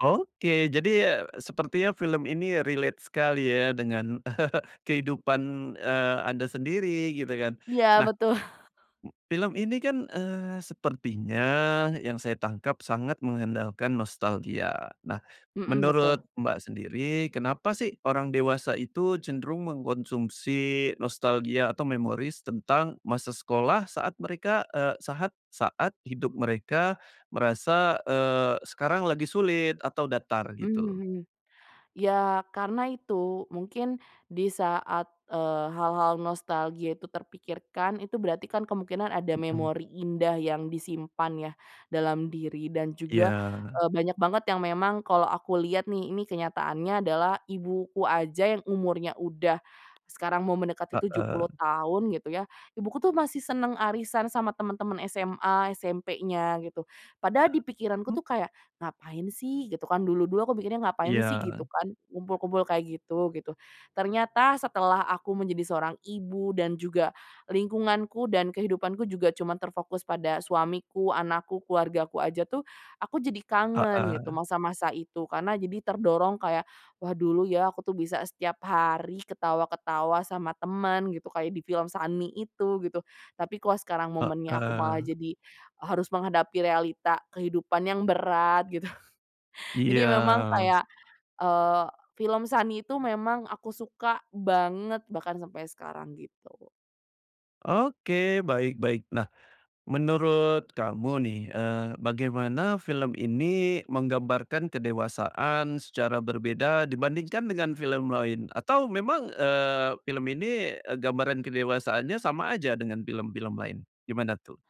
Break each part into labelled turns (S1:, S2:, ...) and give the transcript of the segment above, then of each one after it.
S1: Oke, jadi, e sepertinya film ini relate sekali ya, dengan, kehidupan, eee, Anda sendiri, gitu kan.
S2: Iya,
S1: Nah,
S2: betul.
S1: m film ini kan, eee, sepertinya yang saya tangkap sangat mengandalkan nostalgia. Nah,
S2: Hmm,
S1: menurut
S2: betul.
S1: Mbak sendiri, kenapa sih orang dewasa itu cenderung mengkonsumsi nostalgia atau memories tentang masa sekolah saat mereka, e sahat saat hidup mereka merasa, eee, sekarang lagi sulit, atau datar gitu?
S2: Mhm. Iya, karena itu, mungkin di saat, eee, hal-hal nostalgia itu terpikirkan, itu berarti kan kemungkinan ada
S1: Hmm.
S2: memori indah yang disimpan ya dalam diri, dan juga,
S1: Iya.
S2: e banyak banget yang memang kalau aku lihat nih, ini kenyataannya adalah ibuku aja yang umurnya udah sekarang mau mendekati tujuh
S1: Heeh.
S2: puluh tahun, gitu ya, ibuku tuh masih senang arisan sama teman-temen SMA, SMP-nya, gitu. Padahal di pikiranku
S1: Mmm.
S2: tuh kayak, ngapain sih? Gitu kan, dulu-dulu aku mikirnya ngapain sih?
S1: Iya.
S2: Gitu kan, kumpul-kumpul kayak gitu-gitu. Ternyata setelah aku menjadi seorang ibu, dan juga, lingkunganku dan kehidupanku juga cuman terfokus pada suamiku, anakku, keluargaku aja tuh, aku jadi kangen gitu,
S1: Heeh.
S2: masa-masa itu. Karena jadi terdorong kayak, wah dulu ya aku tuh bisa setiap hari ketawa-ketawa sama teman gitu. Kayak di film Sunny itu, gitu. Tapi kok sekarang momennya aku malah
S1: Heeh.
S2: jadi, e harus menghadapi realita kehidupan yang berat, gitu. Jadi memang
S1: Iya.
S2: kayak, eee, film Sunny itu memang aku suka banget bahkan sampai sekarang, gitu.
S1: Oke. Baik baik. Nah, menurut kamu nih, eee, bagaimana film ini menggambarkan kedewasaan secara berbeda dibandingkan dengan film lain, atau memang, eee, film ini, e gambaran kedewasaannya sama aja dengan film-film lain. Gimana tuh?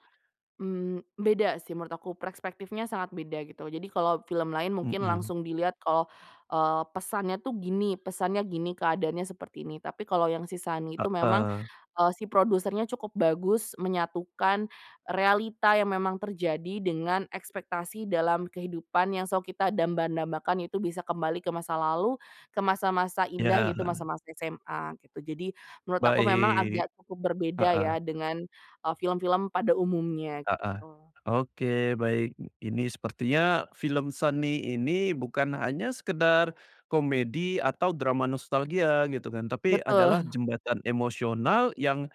S2: Mmm, beda sih menurut aku, perspektifnya sangat beda, gitu. Jadi kalau film lain mungkin
S1: Hmm.
S2: langsung dilihat kalau, eee, pesannya tuh gini, pesannya gini, keadaannya seperti ini. Tapi kalau yang si Sunny itu memang,
S1: Heeh.
S2: eee, si produsernya cukup bagus menyatukan realita yang memang terjadi dengan ekspektasi dalam kehidupan yang selalu kita damba-dambakan itu bisa kembali ke masa lalu, ke masa-masa indah
S1: Iya.
S2: yaitu masa-masa SMA, gitu. Jadi, menurut aku memang
S1: Baik.
S2: agak cukup berbeda
S1: Heeh.
S2: ya dengan, e film-film pada umumnya,
S1: Heeh.
S2: gitu.
S1: Oke, baik. Ini sepertinya film, Sunny ini, bukan hanya sekedar komedi atau drama nostalgia, gitu kan. Tapi adalah
S2: Betul.
S1: jembatan emosional yang,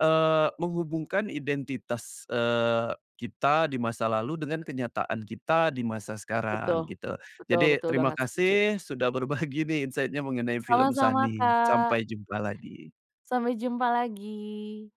S1: eee, menghubungkan identitas, eee, kita di masa lalu dengan kenyataan kita di masa sekarang,
S2: Betul,
S1: gitu.
S2: betul
S1: Jadi,
S2: betul
S1: terima
S2: banget, setuju.
S1: kasih sudah berbagi nih insight-nya mengenai film
S2: Sama-sama
S1: Sunny.
S2: Kak.
S1: Sampai jumpa lagi.
S2: Sampai jumpa lagi.